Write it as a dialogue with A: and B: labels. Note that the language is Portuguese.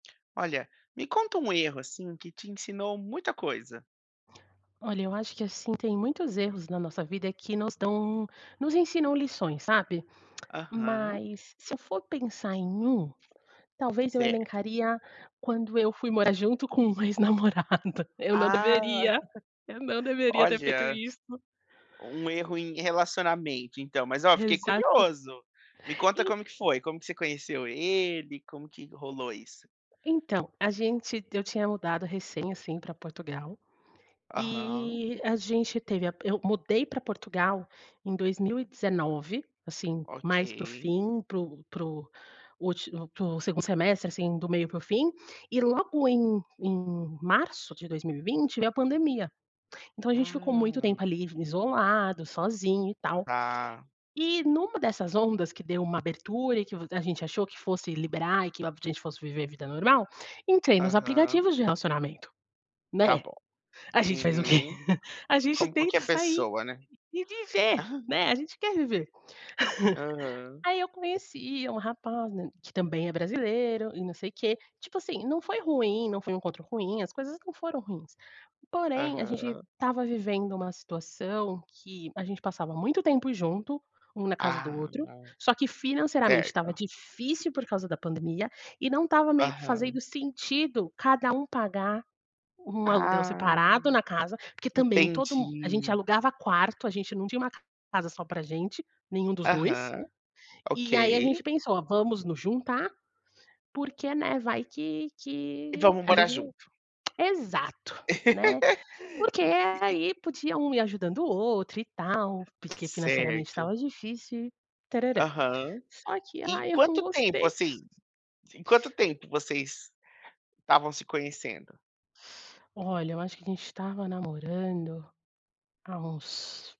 A: Olha, me conta um erro, assim, que te ensinou muita coisa.
B: Olha, eu acho que, assim, tem muitos erros na nossa vida que nos dão nos ensinam lições, sabe?
A: Aham.
B: Mas se eu for pensar em um, talvez eu
A: Certo.
B: elencaria quando eu fui morar junto com um ex-namorado, eu não
A: Ah!
B: deveria, eu não deveria ter feito
A: Olha,
B: isto.
A: um erro em relacionamento, então. Mas, ó, fiquei
B: Exato,
A: curioso. Me conta
B: en
A: como que foi, como que você conheceu ele, como que rolou isso.
B: Então, a gente t eu tinha mudado recém, assim, para Portugal,
A: Aham.
B: e a gente teve a p eu mudei para Portugal em 2019, assim, mais para o
A: Ok.
B: fim, para o para o últi 2º semestre, assim, do meio para o fim, e logo em em março de 2020 veio a pandemia. Então a gente ficou muito
A: Ah.
B: tempo ali v isolado, sozinho e tal.
A: Tá.
B: E numa dessas ondas que deu uma abertura e que v a gente achou que fosse liberar e que logo a gente fosse viver a vida normal, entrei nos
A: Aham.
B: aplicativos de relacionamento.
A: Tá
B: Né?
A: bom.
B: A gente faz o quê?
A: Uhum.
B: A gente
A: Como qualquer
B: tenta sair
A: pessoa, né?
B: e viver, né, a gente quer viver.
A: Aham.
B: Aí eu conheci um rapaz, né, que também é brasileiro e não sei quê, tipo assim, não foi ruim, não foi um encontro ruim, as coisas não foram ruins. Porém, a gente
A: Aham.
B: estava vivendo uma situação que a gente passava muito tempo junto, um na casa do
A: Ah,
B: outro,
A: não.
B: só que financeiramente estava
A: Certo.
B: difícil, por causa da pandemia, e não estava meio que fazendo
A: Aham.
B: sentido cada um pagar um aluguel separado
A: Ai.
B: na casa, porque também todo mu a gente
A: Entendi.
B: alugava quarto, a gente não tinha uma casa só pra gente, nenhum dos 2.
A: Aham. Ok.
B: E aí a gente pensou: "Vamos nos juntar porque, né, vai que
A: E
B: que
A: vamos
B: a
A: morar
B: gente"
A: junto.
B: Exato, né? Porque
A: E e e
B: aí podia um ir ajudando o outro e tal, porque financeiramente estava
A: Certo.
B: difícil e tararã.
A: Aham.
B: Só que
A: E
B: ai eu não
A: quanto tempo,
B: gostei.
A: assim, em quanto tempo vocês estavam se conhecendo?
B: Olha, eu acho que a gente estava namorando há uns